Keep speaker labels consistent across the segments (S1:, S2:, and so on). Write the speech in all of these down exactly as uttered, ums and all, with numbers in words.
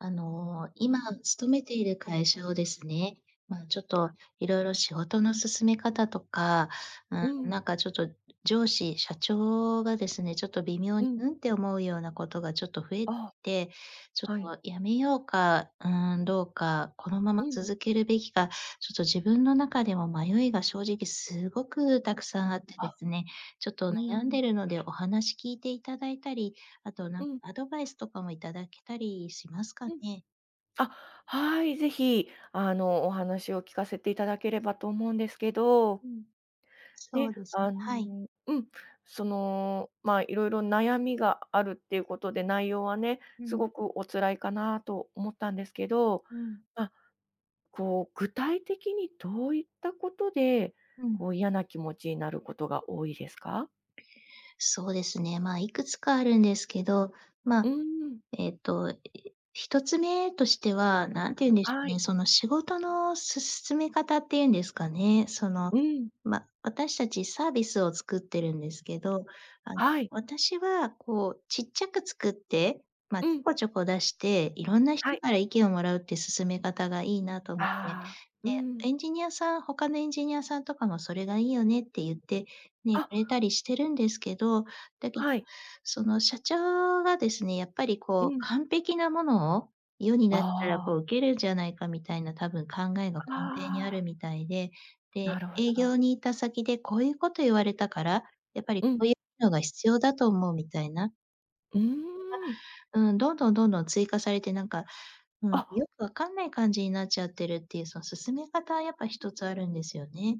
S1: あの、今勤めている会社をですね、ま、あのちょっと、色々仕事の進め方とか、う
S2: う
S1: ーん、
S2: ん。
S1: なんかちょっと上司、社長がですね、ちょっと微妙
S2: う
S1: に
S2: ん。
S1: 「うん？」って思うようなことがちょっと増えて
S2: あ、
S1: きて、ちょ
S2: はい。
S1: っとやめようか、うーん、どうか、このまま
S2: うん。
S1: 続けるべきか、ちょっと自分の中でも迷いが正直すごくたくさんあってで
S2: あ、
S1: すね、ちょっと
S2: うー
S1: 悩んで
S2: ん。
S1: るので、お話聞いていただいたり、あとな
S2: う
S1: んか
S2: ん。
S1: アドバイスとかもいただけたりしますか
S2: うん。
S1: ね？
S2: あ、はい、ぜひあの、お話を聞かせていただければと思うんですけど。
S1: うん、そ
S2: ね、
S1: うですね、
S2: あ
S1: はい。
S2: の、うん、その、まあいろいろ悩みがあるっていうことで、内容はね、
S1: う
S2: す
S1: ん。
S2: ごくお辛いかなと思ったんですけど、
S1: うん。
S2: あ、こう具体的にどういったことで、
S1: うん。
S2: こう嫌な気持ちになることが多いですか？
S1: そうですね、まあいくつかあるんですけど、まあ、
S2: うん。
S1: えっと一つ目としては、何て言うんでしょ
S2: は
S1: うね、
S2: い。
S1: その仕事の進め方っていうんですかね、その、
S2: うん。
S1: ま、私たちサービスを作ってるんですけど、あの
S2: はい。
S1: 私は、こう、ちっちゃく作って、まあ
S2: う
S1: ちょ
S2: ん。
S1: こちょこ出して、いろんな人
S2: はい。
S1: から意見をもらうっていう進め方がいいなと思って、
S2: ああ、う
S1: で、
S2: ん。
S1: エンジニアさん他のエンジニアさんとかもそれがいいよねって言って、ね、く
S2: あ。
S1: れたりしてるんですけど、だけど、
S2: はい。
S1: その社長がですね、やっぱり
S2: う
S1: こう
S2: ん。
S1: 完璧なものを世に出した
S2: あ
S1: ら、
S2: あ。
S1: こうウケるんじゃないかみたいな多分考えが根
S2: あ
S1: 底にある
S2: あ。
S1: みたいで、で、
S2: なるほ
S1: 営業
S2: ど。
S1: に行った先で、こういうこと言われたから、やっぱり
S2: う
S1: こ
S2: ん。
S1: ういうのが必要だと思うみたいな。
S2: うーん。
S1: あ、うん、どんどんどんどん追加されて、なんか、うん、
S2: あ。
S1: よくわかんない感じになっちゃってるっていう、その進め方はやっぱ一つあるんですよね。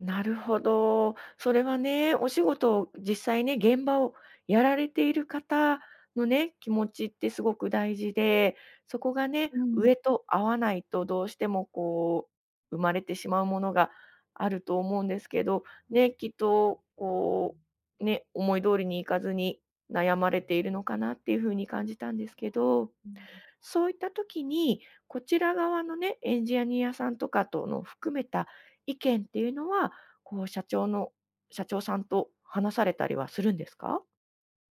S2: なるほど。それはね、お仕事を実際ね、現場をやられている方のね、気持ちってすごく大事で、そこがね、
S1: うん。
S2: 上と合わないと、どうしてもこう、生まれてしまうものがあると思うんですけど、
S1: うん。
S2: ね、きっとこうね、思い通りに行かずに悩まれているのかなっていう風に感じたんですけど。
S1: うん。
S2: そういった時に、こちら側のね、エンジアニアさんとかとの含めた意見っていうのは、こう社長の社長さんと話されたりはするんですか？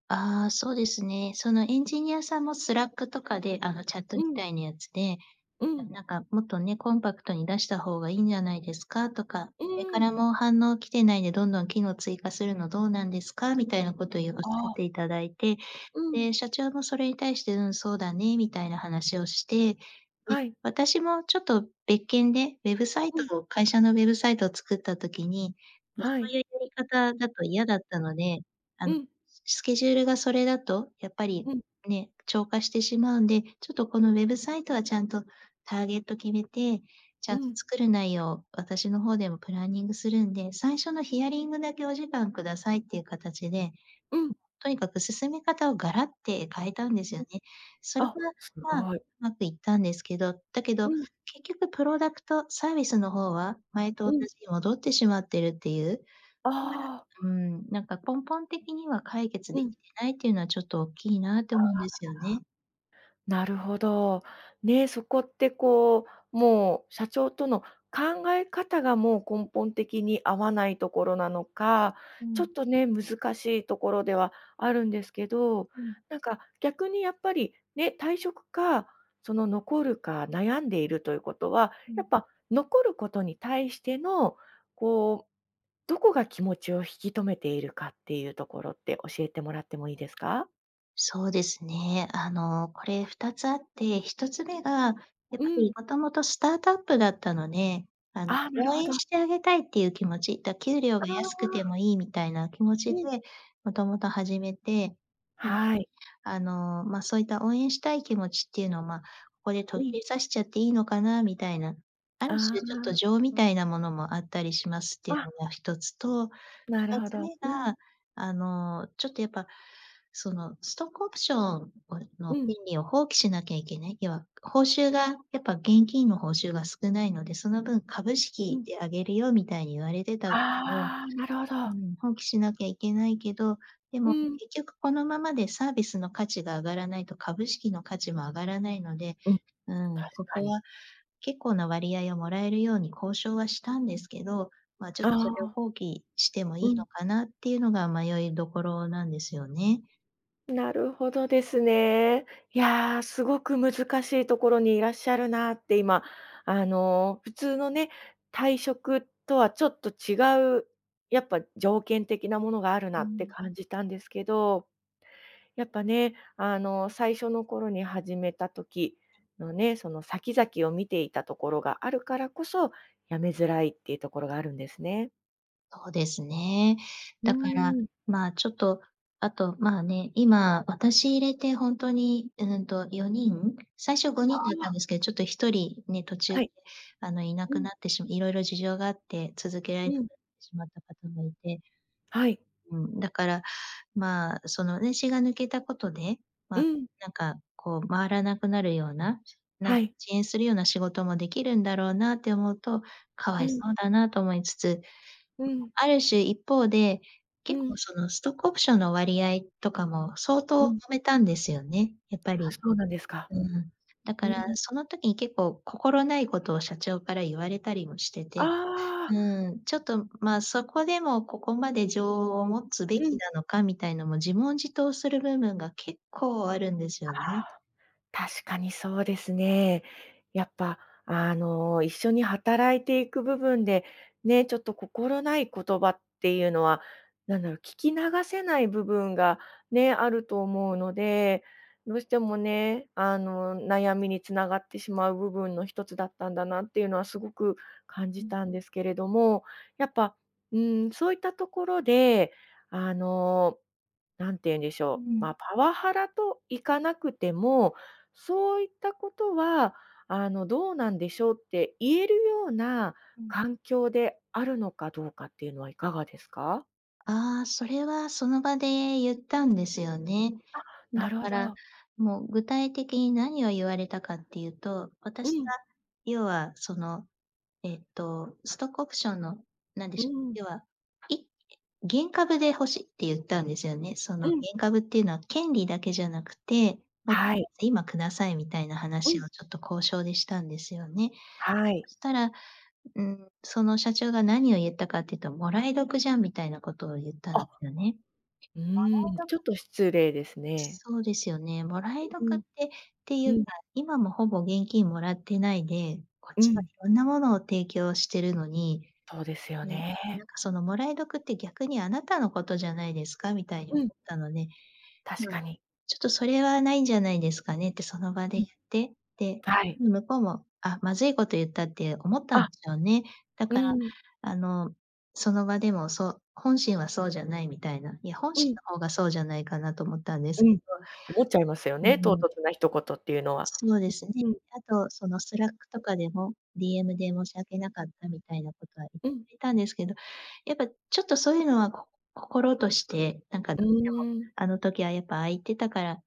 S1: ああ、そうですね。そのエンジニアさんもスラックとかであのチャット
S2: う
S1: み
S2: ん。
S1: たいなやつで、
S2: う
S1: 「な
S2: ん。
S1: なんかもっとね、コンパクトに出した方がいいんじゃないですか」とか、
S2: う
S1: 「誰から
S2: ん。
S1: も反応来てないでどんどん機能追加するのどうなんですか？」みたいなことゆ仰
S2: あ
S1: っ
S2: あ。
S1: ていただいて、
S2: うん。
S1: で、社長もそれに対して、「うん、そうだね」みたいな話をして、で、
S2: はい。
S1: 私もちょっと別件で、ウェブサイ
S2: うん。
S1: トを会社のウェブサイトを作った時に、もうそ
S2: は
S1: う
S2: い。
S1: いうやり方だと嫌だったので、あ
S2: う
S1: の、
S2: ん。
S1: スケジュールがそれだと、やっぱり、
S2: うん。
S1: ね、超過してしまうんで、ちょっとこのウェブサイトはちゃんとターゲット決めて、ち
S2: う
S1: ゃんと
S2: ん。
S1: 作る内容、私の方でもプランニングするんで、最初のヒアリングだけお時間くださいっていう形で、ん、
S2: うん。
S1: とにかく進め方をガラッて変えたんですよね。それ
S2: あ、
S1: は、
S2: す
S1: まあ、
S2: ごい。
S1: 上手くいったんですけど、だけど
S2: うん。
S1: 結局プロダクトサービスの方は、前と同
S2: うん。
S1: じに戻ってしまっているっていう。
S2: ああ。
S1: うーん、なんか根本的には解決
S2: う
S1: 出来て
S2: ん。
S1: ないっていうのはちょっと大きいな
S2: あ
S1: と
S2: あ、
S1: 思うんですよね。
S2: なるほど。ねえ、そこってこう、もう、社長との考え方が、もう根本的に合わないところなのか、
S1: う
S2: ちょっ
S1: ん。
S2: とね、難しいところではあるんですけど、
S1: うん。
S2: なんか、逆にやっぱり、ね、退職か、その残るか悩んでいるということは、
S1: う
S2: やっ
S1: ん。
S2: ぱ残ることに対しての、こう、どこが気持ちを引き留めているかっていうところって教えてもらってもいいですか？
S1: そうですね。あの、これふたつあって、ひとつ目が、やっ
S2: う
S1: ぱ
S2: ん。
S1: りもともとスタートアップだったので、あの
S2: あ、なる
S1: 応
S2: ほ
S1: 援
S2: ど。
S1: してあげたいっていう気持ち、だ給料が
S2: あ
S1: 安くて
S2: あ。
S1: もいいみたいな気持ちで、
S2: うん。
S1: もともと始めて、
S2: はい。
S1: あの、ま、そういった応援したい気持ちっていうの、ま、ここで途
S2: う
S1: 切
S2: ん。
S1: れさせちゃっていいのかな、みたいな、あ
S2: あ
S1: る種ちょっと
S2: あ。
S1: 情みたいなものもあったりしますっていうの
S2: あ
S1: がひとつと、ふ
S2: なる
S1: た
S2: ほ
S1: つ
S2: ど、
S1: 目
S2: うん。
S1: が、あの、ちょっとやっぱ、そのストックオプションをの
S2: うん。
S1: 権利を放棄しなきゃいけない。要は、報酬が、やっぱ現金の報酬が少ないので、その分株
S2: う
S1: 式
S2: ん。
S1: であげるよみたいに言われてたを、
S2: ああ、なるほ
S1: う
S2: ど。
S1: ん、放棄しなきゃいけないけど、で
S2: う
S1: も、ん、
S2: ん。
S1: 結局このままでサービスの価値が上がらないと、株式の価値も上がらないので、
S2: うん、
S1: うん、
S2: 確
S1: こ
S2: か
S1: こ
S2: に。
S1: は結構な割合をもらえるように交渉はしたんですけど、まあちょ
S2: あ
S1: っとそれを
S2: あ。
S1: 放棄、してもい
S2: う
S1: いの
S2: ん。
S1: かなっていうのが迷いどころなんですよね。
S2: なるほどですね。いや、すごく難しいところにいらっしゃるなって今、あの、普通のね、退職とはちょっと違う、やっぱ条件的なものがある
S1: う
S2: なって
S1: ん。
S2: 感じたんですけど。やっぱね、あの最初の頃に、始めた時のね、その先々を見ていたところがあるからこそ、辞めづらいっていうところがあるんですね。
S1: そうですね。
S2: うー
S1: だから
S2: ん。
S1: まあ、ちょっと、あとまあね、今、私入れてほんとに、うーんとよにん、最初ご
S2: あ
S1: にんだったん
S2: あ。
S1: ですけど、ちょっとひとりね、途中
S2: は
S1: で、
S2: い。
S1: あのいな
S2: う
S1: く
S2: ん。
S1: なってし色々事情があって続けられ
S2: う
S1: なくなっ
S2: ん。
S1: てしまった方もいて
S2: はい。
S1: うん、だから、まあ、その私が抜けたことで、
S2: う
S1: ま、
S2: ん。
S1: なんかこう回らなくなるような、なん
S2: は
S1: 遅
S2: い。
S1: 延するような仕事もできるんだろうなって思うと、かわ
S2: う
S1: いそ
S2: ん。
S1: うだなと思いつつ、
S2: うん。
S1: ある種一方で、
S2: う
S1: 結構
S2: ん。
S1: そのストックオプションの割合とかも、相
S2: う
S1: 当と
S2: ん。
S1: めたんですよね、やっぱ
S2: あ、
S1: り。
S2: そうなんですか。
S1: うん。だ
S2: う
S1: から、
S2: ん。
S1: その時に結構心ないことを社長から言われたりもしてて、
S2: ああ。
S1: うーん、ちょっとまあ、そこでも、ここまで情を持つべ
S2: う
S1: き
S2: ん。
S1: なのかみたいのも自問自答する部分が結構あるんです
S2: あ
S1: よね。
S2: あ。確かにそうですね。やっぱ、あの、一緒に働いていく部分で、ね、ちょっと心ない言葉っていうのは、なんだろう、聞き流せない部分がね、あると思うので、どうしてもね、あの悩みにつながってしまう部分の一つだったんだなっていうのはすごく感
S1: う
S2: じ
S1: ん。
S2: たんですけれども、やっぱ、うーん、そういったところで、あのなんて言うんでし
S1: う
S2: ょう、
S1: ん。
S2: まパワハラといかなくても、そういったことは、あの「どうなんでしょ？」って言えるような
S1: うん。
S2: 環境であるのかどうかっていうのはいかがですか？
S1: ああ、それはその場で言ったんですよね。
S2: あ、な
S1: だ
S2: るほ
S1: から、
S2: ど。
S1: そのもう具体的に何を言われたかっていうと、
S2: う
S1: 私が
S2: ん。
S1: 要はその、えっと、ストックオプションの、なんで
S2: う
S1: しょう、
S2: ん。
S1: 要は、い原株で欲しいって言ったんですよね。そ
S2: う
S1: の原
S2: ん。
S1: 株っていうのは権利だけじゃなくて、もうとり
S2: は
S1: あ
S2: い。
S1: えず、今くださいみたいな
S2: う
S1: 話
S2: ん。
S1: をちょっと交渉でしたんですよね。
S2: はい。
S1: そしたら。うーん、その社長が何を言ったかっていうと「もらい得じゃん」みたいなことを言ったんで
S2: あ、
S1: すよね。
S2: う
S1: も
S2: ーん、
S1: らい得
S2: ちょっと失礼ですね。
S1: そうですよね、もら
S2: う
S1: い
S2: う
S1: 得っ
S2: ん。
S1: て、ってい
S2: う
S1: うか、
S2: ん。
S1: 今もほぼ現金もらってないで、こっ
S2: う
S1: ちはい
S2: ん。
S1: ろんなものを提供してるのに、
S2: そうですよ
S1: ね、
S2: ね。
S1: なんかそのもらい得って、逆にあなたのことじゃないですか？みたいに思
S2: う
S1: っ
S2: ん。
S1: たので、
S2: 確か に。
S1: 「ちょっとそれはないんじゃないですかね」ってその場で
S2: うん、
S1: 言って、で、
S2: はい。
S1: 向こうも「あ、まずいこと言った」って思ったん
S2: あ。
S1: ですよね。だ
S2: う
S1: から
S2: ーん。
S1: あのその場でもそう本心はそうじゃないみたいな、いや本
S2: う
S1: 心
S2: ん。
S1: の方がそうじゃないかなと思ったんで
S2: う
S1: すけど。
S2: ん、思っちゃいますよ
S1: う
S2: ね、唐
S1: ん。
S2: 突な一言っていうのは。
S1: そうですね。
S2: うん。
S1: あと、そのスラックとかでも、DM で「申し訳なかった」みたいなことは言っ
S2: うん。
S1: ていたんですけど、やっぱちょっとそういうのは、こ心として、なんかど
S2: う
S1: うしても、
S2: ーん。
S1: 「あの時は、やっぱああ言ってたから」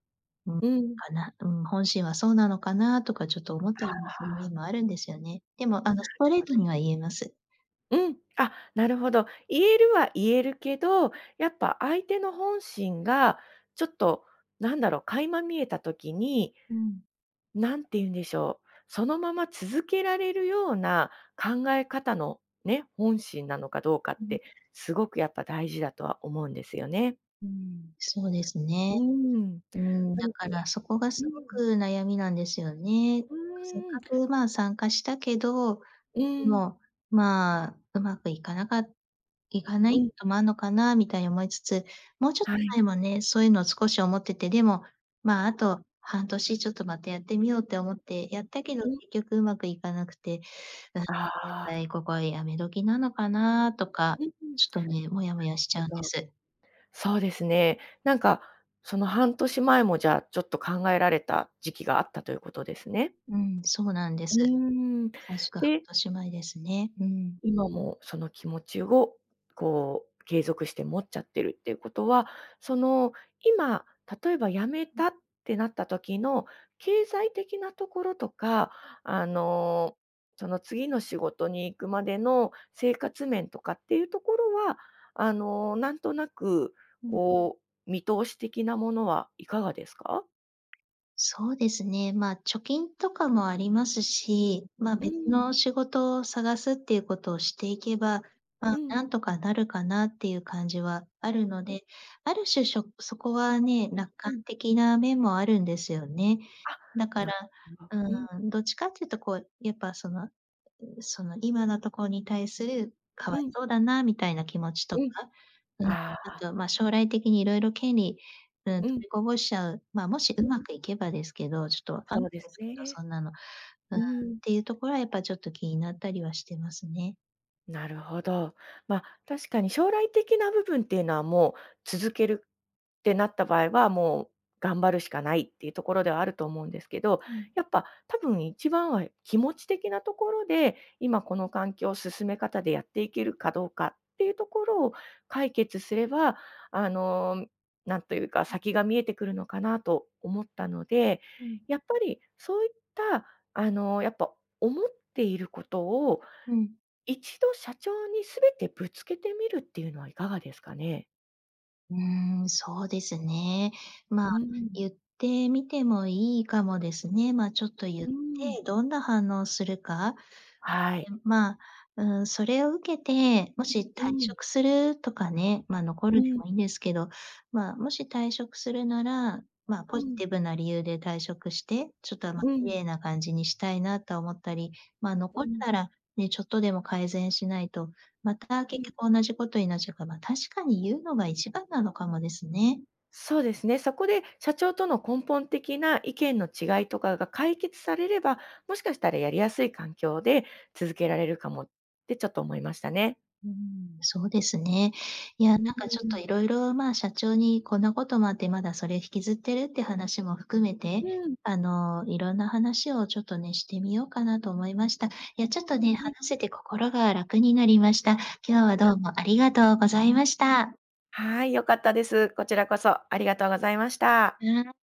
S1: うん、
S2: うん。
S1: かな、うん、本心はそうなのかな、とかちょっと思っ
S2: あ
S1: たりもする
S2: あ。
S1: 面もあるんですよね。でもあ
S2: な
S1: のス
S2: る
S1: トレー
S2: ほど。
S1: トには言えます。
S2: うん、あ、なるほど。言えるは言えるけど、やっぱ相手の本心が、ちょっと、なんだろう、垣間見えた時に
S1: うん。
S2: なんて言うんでしょう。そのまま続けられるような、考え方のね、本心なのかどうかっ
S1: うん。
S2: て、すごくやっぱ大事だとは思うんですよね。
S1: うん、そうですね。
S2: うーん。
S1: うーん。
S2: あ
S1: だ
S2: の
S1: からそこがす
S2: う
S1: ご
S2: ん。
S1: く悩みなんですよね。
S2: う
S1: かせっ
S2: ー
S1: か
S2: ん。
S1: く、ま、参加したけど、
S2: う
S1: で
S2: ん。
S1: も、まあ、うまくいかなかいかな
S2: う
S1: い
S2: ん。
S1: ともあるのかな、みたいに思いつつ、もうちょっと
S2: はい。
S1: 前もね、そういうのを少し思ってて、でも、ま、あと半年ちょっとまたやってみようって思ってやったけど、
S2: うん。
S1: 結局上手くいかなくて。なんで、
S2: ああ。
S1: ここは辞め時なのかな、とか、
S2: うんうん。
S1: ちょっとね、モヤモヤしちゃうんで す。
S2: そうですね。なんか、その半年前もじゃあ、ちょっと考えられた時期があったということですね。
S1: うん、そうなんで
S2: う
S1: す。
S2: ん、
S1: まさしく半
S2: で
S1: 年前ですね。うん。
S2: 今もその気持ちを、こう、継続して持っちゃってるっていうことは、その、今、例えば辞め
S1: うん。
S2: たってなった時の、経済的なところとか、あの、その次の仕事に行くまでの生活面とかっていうところは、あの、なんとなく、
S1: うん。
S2: こう、見通し的なものはいかがですか？
S1: そうですね。まあ、貯金とかもありますし、ま、
S2: うー
S1: 別
S2: ん。
S1: の仕事を探すっていうことをしていけば、ま
S2: う
S1: あ、
S2: ん。
S1: なんとかなるかなっていう感じはあるの
S2: う。
S1: で、ある種、しょそこはね、楽
S2: う
S1: 観
S2: ん。
S1: 的な面もあるんですよね。
S2: あ、
S1: だか
S2: な
S1: ら
S2: るほど。
S1: う
S2: うん。
S1: ーん、どっちかっていうとこう、やっぱその、うう、その今のとこに対する、か
S2: う
S1: わい
S2: ん。
S1: そうだなみたいな気持ちと
S2: う
S1: か、
S2: ん。
S1: うん、
S2: あ
S1: あ
S2: あ。
S1: とは、ま、将来的に色々権利、うん、取
S2: うん。
S1: りこぼしちゃうま、もしう
S2: う
S1: ま
S2: ん。
S1: くいけばですけど、ちょっとわかんな
S2: そ
S1: い
S2: うで
S1: で
S2: す
S1: すけど、
S2: ね。
S1: そんなの、うー
S2: う
S1: ん、
S2: ー
S1: っ
S2: ん。
S1: ていうところはやっぱちょっと気になったりはしてますね。
S2: なるほど。ま、確かに将来的な部分っていうのはもう、続けるってなった場合はもう、頑張るしかないっていうところではあると思うんですけど、
S1: うん。
S2: やっぱ多分、一番は、い気持ち的なところで、今この環境、進め方でやっていけるかどうかっていうところを解決すれば、あの、ん、なんというか先が見えてくるのかなと思ったので、
S1: うん。
S2: やっぱりそういったあの、やっぱ思っていることを、
S1: うん。
S2: 一度社長にすべてぶつけてみるっていうのはいかがですかね？
S1: うーん、そうですね、まあ、
S2: うん。
S1: ゆってみてもいいかもですね、まあちょっとゆっ
S2: うん。
S1: て、どんな反応するか。
S2: はい。
S1: で、まあ、うーん、それを受けて、もし退
S2: うん。
S1: 職するとかね、ま、残
S2: う
S1: るで
S2: ん。
S1: もいんですけど、まあ、もし退職するなら、ま、
S2: う
S1: ポジ
S2: ん。
S1: ティブな理由で退職して、ちょっと、ま、
S2: う
S1: 綺
S2: ん。
S1: 麗な感じにしたいなと思ったり、まあ、の
S2: う
S1: こ
S2: ん。
S1: ならね、ちょっとでも改善しないと、また
S2: う
S1: 結
S2: ん。
S1: 局同じことになっちゃうかま、確かにゆうのが一番なのかもですね。
S2: そうですね、そこで社長との根本的な意見の違いとかが解決されれば、もしかしたらやりやすい環境で続けられるかもってちょっと思いましたね。
S1: うーん、そうですね。いやなん
S2: うー
S1: かちょっと
S2: ん。
S1: 色々まあ、社長にこんなこともあってまだそれ引きずってるって話も含めて、
S2: うん。
S1: あのいろんな話をちょっとね、してみようかなと思いました。いや、ちょっとね、話
S2: うん。
S1: せて心が楽になりました。今日はど
S2: た。
S1: うもありがとうございました。
S2: はい、良かったです。こちらこそありがとうございました。
S1: うん。